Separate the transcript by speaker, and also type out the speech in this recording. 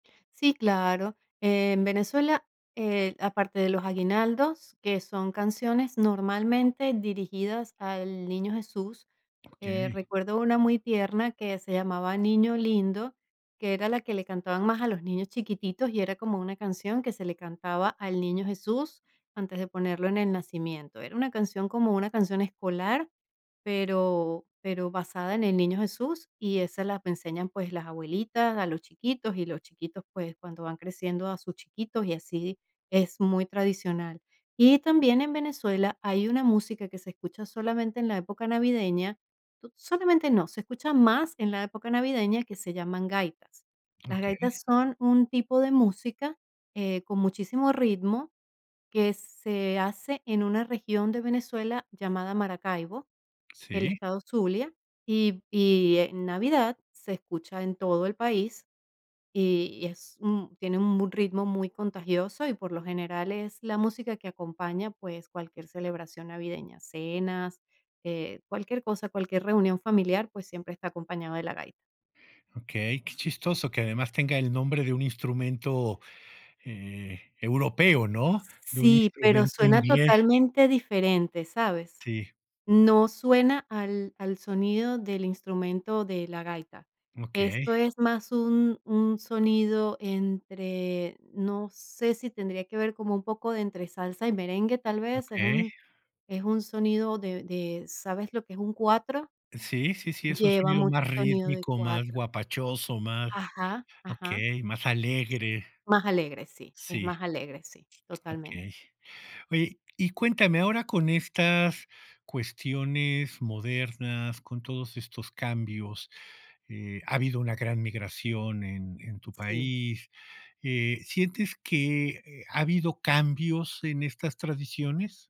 Speaker 1: Sí, claro. En Venezuela, eh, aparte de los aguinaldos, que son canciones, normalmente, dirigidas al niño Jesús, eh,
Speaker 2: Okey.
Speaker 1: recuerdo una muy tierna, que se llamaba Niño Lindo, que era la que le cantaban más a los niños chiquititos y era como una canción que se le cantaba al niño Jesús, antes de ponerlo en el nacimiento. Era una canción, como una canción escolar, pero pero basada en el niño Jesús y esa la enseñan, pues, las abuelitas a los chiquitos y los chiquitos, pues, cuando van creciendo a sus chiquitos y así, es muy tradicional. Y también en Venezuela hay una música que se escucha solamente en la época navideña solamente no, se escucha más en la época navideña, que se llaman gaitas. Las
Speaker 2: Okey.
Speaker 1: gaitas son un tipo de música, eh, con muchísimo ritmo, que se hace en una región de Venezuela llamada Maracaibo, el
Speaker 2: Sí.
Speaker 1: estado Zulia, y y en Navidad se escucha en todo el país, y y es un tiene un m ritmo muy contagioso y, por lo general, es la música que acompaña, pues, cualquier celebración navideña, cenas, eh, cualquier cosa, cualquier reunión familiar, pues, siempre está acompañado de la gaita.
Speaker 2: Okey, qué chistoso que además tenga el nombre de un instrumento, eh, europeo, ¿no?,
Speaker 1: S
Speaker 2: de un
Speaker 1: Sí, pero
Speaker 2: instrumento
Speaker 1: suena
Speaker 2: inglés.
Speaker 1: totalmente diferente, ¿sabes?
Speaker 2: Sí.
Speaker 1: No suena al al sonido del instrumento de la gaita. Esto
Speaker 2: Okey.
Speaker 1: es más un un sonido entre no sé si tendría que ver como un poco de entre salsa y merengue, tal vez, es
Speaker 2: Okey.
Speaker 1: un es un sonido de de ¿Sabes lo que es un Cuatro?
Speaker 2: Sí, sí, sí, es un
Speaker 1: Lleva
Speaker 2: sonido
Speaker 1: mucho
Speaker 2: más
Speaker 1: sonido de
Speaker 2: rítmico, más
Speaker 1: Cuatro.
Speaker 2: guapachoso, más
Speaker 1: Ajá. Ajá.
Speaker 2: Okey. Más alegre.
Speaker 1: Más alegre, sí. Es
Speaker 2: Sí.
Speaker 1: más alegre, sí. Totalmente.
Speaker 2: Okey. Oye, y cuéntame, ahora con estas cuestiones modernas, con todos estos cambios, eh, ha habido una gran migración en en tu
Speaker 1: Sí.
Speaker 2: país, eh, ¿sientes que ha habido cambios en estas tradiciones?